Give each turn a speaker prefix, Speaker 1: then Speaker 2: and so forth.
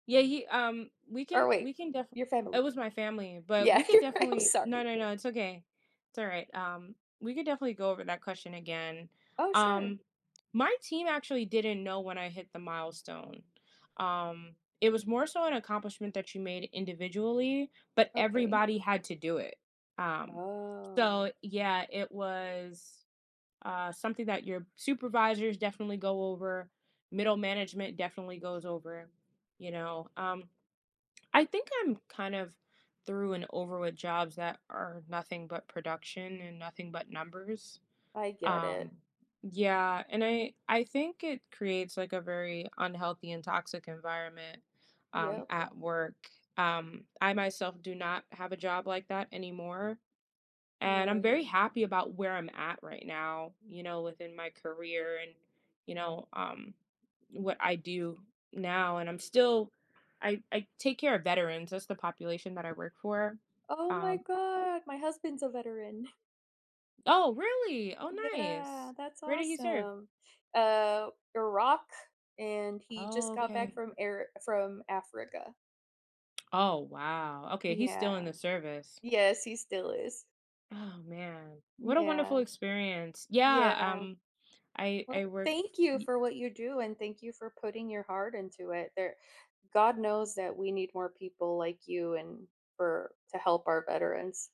Speaker 1: Yeah, yi um, we
Speaker 2: Or,
Speaker 1: can
Speaker 2: wait,
Speaker 1: we can def
Speaker 2: your family.
Speaker 1: It was my family, but
Speaker 2: Yeah,
Speaker 1: we could
Speaker 2: you're right, I'm
Speaker 1: definitely No,
Speaker 2: sorry.
Speaker 1: no, no, it's okay. It's all right, um, we could definitely go over that question again.
Speaker 2: Oh, sure.
Speaker 1: Um, my team actually didn't know when I hit the milestone. Um, it was more so an accomplishment that you made individually, but
Speaker 2: Okay.
Speaker 1: everybody had to do it. Um,
Speaker 2: Oh.
Speaker 1: so, yeah, it was, uh, something that your supervisors definitely go over, middle management definitely goes over, you know, um, I think I'm, kind of, through and over with jobs that are nothing but production, and nothing but numbers.
Speaker 2: I get it.
Speaker 1: Um, yeah, and I I think it creates, like, a very unhealthy and toxic environment, um,
Speaker 2: Yep.
Speaker 1: at work. Um, I myself do not have a job like that anymore, and I'm
Speaker 2: Right.
Speaker 1: very happy about where I'm at right now, you know, within my career, and, you know, um, what I do now, and I'm still I I take care of veterans, that's the population that I work for,
Speaker 2: Oh my
Speaker 1: um
Speaker 2: god! My husband's a veteran.
Speaker 1: Oh, really? Oh,
Speaker 2: Yeah,
Speaker 1: nice.
Speaker 2: that's
Speaker 1: Where did he serve?
Speaker 2: awesome. Uh, Iraq, and he just
Speaker 1: Oh,
Speaker 2: got back
Speaker 1: okay.
Speaker 2: from air from Africa.
Speaker 1: Oh, wow. Okay, he's still
Speaker 2: Yeah.
Speaker 1: in the service.
Speaker 2: Yes, he still is.
Speaker 1: Oh, man. What a
Speaker 2: Yeah.
Speaker 1: wonderful experience. Yeah,
Speaker 2: Yeah.
Speaker 1: um, I I
Speaker 2: Well,
Speaker 1: worked f
Speaker 2: thank you
Speaker 1: ye
Speaker 2: for what you do, and thank you for putting your heart into it. There God knows that we need more people like you, and for to help our veterans.